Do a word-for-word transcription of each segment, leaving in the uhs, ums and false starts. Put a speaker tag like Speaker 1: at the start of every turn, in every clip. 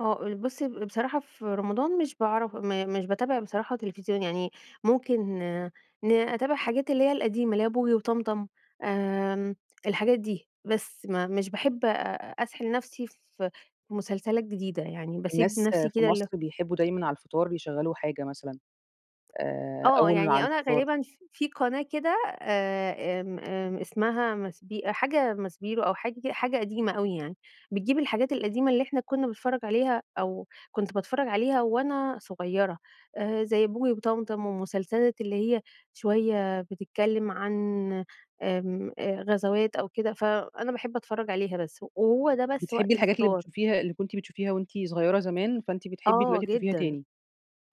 Speaker 1: آه، آآ بصي، ب بصراحة في رمضان مش باعرف م مش باتابع بصراحة تلفزيون، يعني ممكن ن أتابع الحاجات اللي هي القديمة، اللي هي بوجي وطمطم، آمم، الحاجات دي، بس. م مش باحب أ أسحل نفسي في مسلسلات جديدة، يعني بسيب
Speaker 2: الناس
Speaker 1: نفسي
Speaker 2: في
Speaker 1: كده ال
Speaker 2: مصر بيحبوا دايمًا على الفطار يشغلوا حاجة مثلًا، آآ،
Speaker 1: آه،
Speaker 2: أو ال مع
Speaker 1: يعني أنا
Speaker 2: الفطار
Speaker 1: غالبًا ف في قناة كده، آآ، آمم، آمم، إسمها ماسبي حاجة ماسبيرو أو حاجة حاجة قديمة أوي يعني، بتجيب الحاجات القديمة اللي إحنا كنا بنتفرج عليها، أو كنت باتفرج عليها وأنا صغيرة، آآ، زي بوجي وطمطم، والمسلسلات اللي هي شوية بتتكلم عن، آمم، آآ غزوات أو كده، فأنا باحب أتفرج عليها بس، و وهو ده بس
Speaker 2: بتحبي
Speaker 1: وقت
Speaker 2: الحاجات اللي
Speaker 1: الفطار.
Speaker 2: بتشوفيها اللي كنتِ بتشوفيها وأنتِ صغيرة زمان، فأنتِ بتحبي
Speaker 1: آه
Speaker 2: دلوقتي تشوفيها
Speaker 1: جدًا،
Speaker 2: تاني.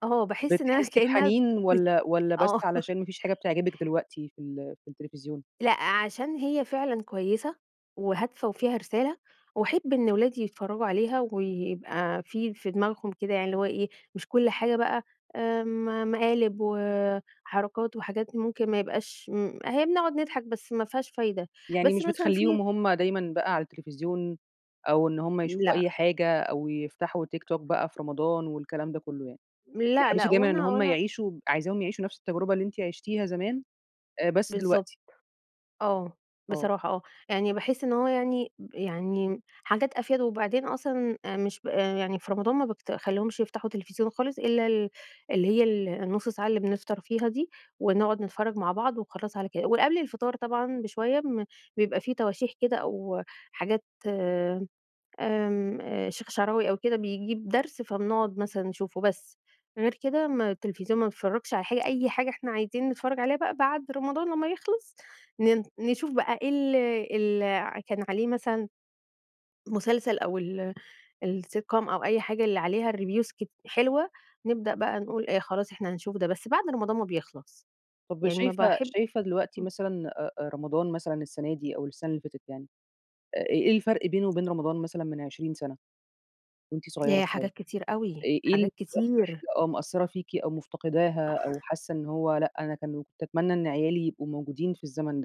Speaker 1: آه، باحس إن أنا
Speaker 2: بتحسي
Speaker 1: كأن أنا
Speaker 2: بحنين
Speaker 1: بت
Speaker 2: والاّ والاّ بس
Speaker 1: آه
Speaker 2: علشان مفيش حاجة بتعجبِك دلوقتي في ال في التلفزيون؟
Speaker 1: لأ، عشان هي فعلًا كويسة وهادفة وفيها رسالة، وأحب إن أولادي يتفرجوا عليها ويبقى في في دماغهم كده، يعني اللي هو إيه، مش كل حاجة بقى، آمم، مقالب وحركات وحاجات ممكن ما يبقاش م هي بنقعد نضحك بس ما فيهاش فايدة،
Speaker 2: يعني
Speaker 1: بس
Speaker 2: مش
Speaker 1: مثلًا
Speaker 2: بتخليهم
Speaker 1: في
Speaker 2: هم دايمًا بقى على التلفزيون أو إن هم يشوفوا أي
Speaker 1: لأ.
Speaker 2: حاجة، أو يفتحوا تيك توك بقى في رمضان والكلام ده كله، يعني.
Speaker 1: لأ، لأ
Speaker 2: بتحرصي
Speaker 1: هو
Speaker 2: دايمًا
Speaker 1: أنا،
Speaker 2: إن
Speaker 1: هو
Speaker 2: هم
Speaker 1: أنا
Speaker 2: يعيشوا عايزاهم يعيشوا نفس التجربة اللي أنتِ عشتيها زمان، آآ، بس
Speaker 1: بالضبط.
Speaker 2: دلوقتي.
Speaker 1: آه،
Speaker 2: آه.
Speaker 1: بصراحة آه. يعني باحس إن هو يعني يعني حاجات أفيد وبعدين أصلًا، آآ مش آآ، يعني في رمضان ما بافت ما باخليهمش يفتحوا تلفزيون خالص إلا ال اللي هي ال النص ساعة اللي بنفطر فيها دي، ونقعد نتفرج مع بعض وخلاص على كده. ول قبل الفطار طبعًا بشوية بن بيبقى في تواشيح كده أو حاجات، آمم الشيخ الشعراوي أو كده بيجيب درس فبنقعد مثلًا نشوفه، بس. غير كده ما التلفزيون ما بنتفرجش على حاجة، أي حاجة إحنا عايزين نتفرج عليها بقى بعد رمضان لما يخلص، ن نشوف بقى إيه ال ال ع كان عليه مثلًا مسلسل أو ال الsitcom أو أي حاجة اللي عليها الreviews كتي حلوة، نبدأ بقى نقول آآ، خلاص، إحنا هنشوف ده. بس بعد رمضان ما بيخلص.
Speaker 2: طب
Speaker 1: يعني ما
Speaker 2: وشايفة
Speaker 1: باحب
Speaker 2: شايفة دلوقتي
Speaker 1: امم.
Speaker 2: مثلًا أ أ رمضان مثلًا السنة دي أو السنة اللي فاتت يعني، آآ، إ إيه الفرق بينه وبين رمضان مثلًا من عشرين سنة؟ وأنتِ صغيرة
Speaker 1: ياه،
Speaker 2: شوية، آآ،
Speaker 1: حاجات كتير أوي،
Speaker 2: إيه ال إيه
Speaker 1: حاجات
Speaker 2: أكتر
Speaker 1: كتير.
Speaker 2: حاجة آه مأثرة فيكِ أو مفتقداها، أو حاسة إن هو لأ، أنا كان كنت أتمنى إن عيالي يبقوا موجودين في الزمن ده؟